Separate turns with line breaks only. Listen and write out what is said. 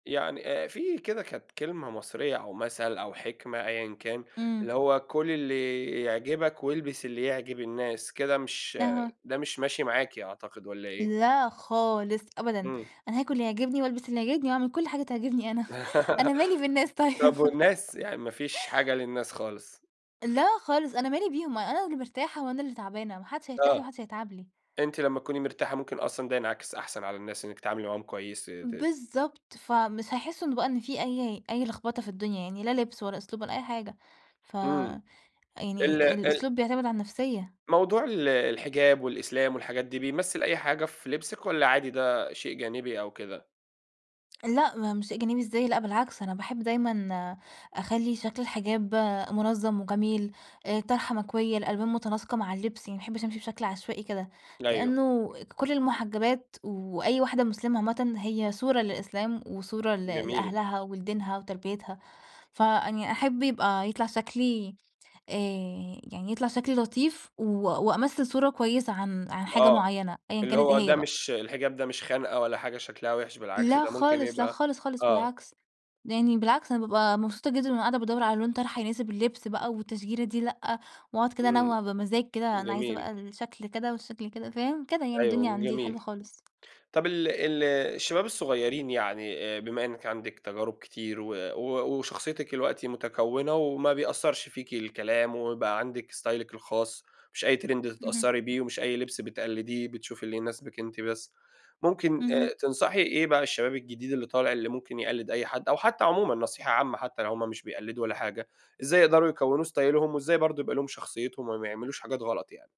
يعني آآ في كده كانت كلمة مصرية أو مثّل أو حكمة أيًا كان،
إمم
اللي هو كُل اللي يعجبك والبس اللي يعجب الناس، كده مش
أها.
ده مش ماشي معاكِ أعتقد، والّا إيه؟
لا، خالص أبدًا،
إمم.
أنا هاكُل اللي يعجبني وألبس اللي يعجبني وأعمل كُلّ حاجة تعجبني أنا أنا مالي بالناس طي
طب والناس، يعني ما فيش حاجة للناس خالص.
لا، خالص أنا مالي بيهُم. أنا واللي مرتاحة وأنا اللي تعبانة، ما حدش هيرتاح لي، وما
آه،
حدش هيتعب لي.
أنتِ لمّا تكوني مرتاحة، مُمكن أصلًا ده ينعكس أحسن على الناس، إنِك تتعاملي معاهم كويس ت تت
بالضبط، فمش هيحسّوا إن بقى إن في أي أي لخبطة في الدنيا. يعني لا لبس ولا أسلوب ولا أي حاجة. ف
إمم
يعني
ال ال
الأسلوب، بيعتمد على النفسية
موضوع ال الحجاب والإسلام والحاجات دي، بيمثل أي حاجة في لبسِك، والّا عادي ده شيء جانبي، أو كده؟
لأ، ما مش شيء جانبي إزاي لأ، بالعكس أنا باحب دايمًا أخلّي شَكْل الحجاب منظم وجميل الطرحة مكويّة، الألوان مُتناسقة مع اللبس يعني ما باحبش أمشي بشكل عشوائي كده،
أيوه.
لأنه كُلّ المحجبات وأي واحدة مسلمة عامةً هي صورة للإسلام وصورة ل
جميل.
لأهلها ولدينها وتربيتها. فيعني أحب يبقى يطلع شكلي آآ يعني يطلع شكلي لطيف و وأمثل صورة كويسة عن عن حاجة
آه،
مُعينّة. أيًا
اللي
كانت إيه
هو
هي
ده
بقى.
مش الحجاب ده مش خَنقّة، ولا حاجة شكلها وحش، بالعكس
لا
ده ممكن
خالص، لا
يبقى
خالص خالص،
آه.
بالعكس. يعني بالعكس أنا بابقى مبسوطة جدًا وأنا قاعدة بادّور على لون طرحة، يناسب اللبس بقى والتشجيرة دي لأ، وأقعد كده
إمم،
أنوّع بمزاج كده، أنا عايزة
جميل.
بقى الشكل كده، والشكل كده فاهم؟ كده يعني. الدنيا
أيوه
عندي
جميل.
حلوة خالص.
طَب ال ال الشباب الصغيرين يعني بما إنِك عندِك تجارب كتير و و وشخصيتِك دلوقتي متكونة وما بيأثّرش فيكِ الكلام ويبقى عندِك استايلِك الخاص، مش أي Trend
اهم.
تتأثّري بيه ومش أي لبس بتقلديه، بتشوفي اللي يناسبِك أنتِ بس. مُمكن
اهم.
تنصحي إيه بقى الشباب الجديد اللي طالع، اللي ممكن يقلد أي حد، أو حتى عمومًا نصيحة عامة، حتى لو هُم مش بيقلدوا ولا حاجة. إزاي يقدروا يكوّنوا استايلهم وإزاي برضه يبقى لهم شخصيتهم، وما يعملوش حاجات غلط يعني؟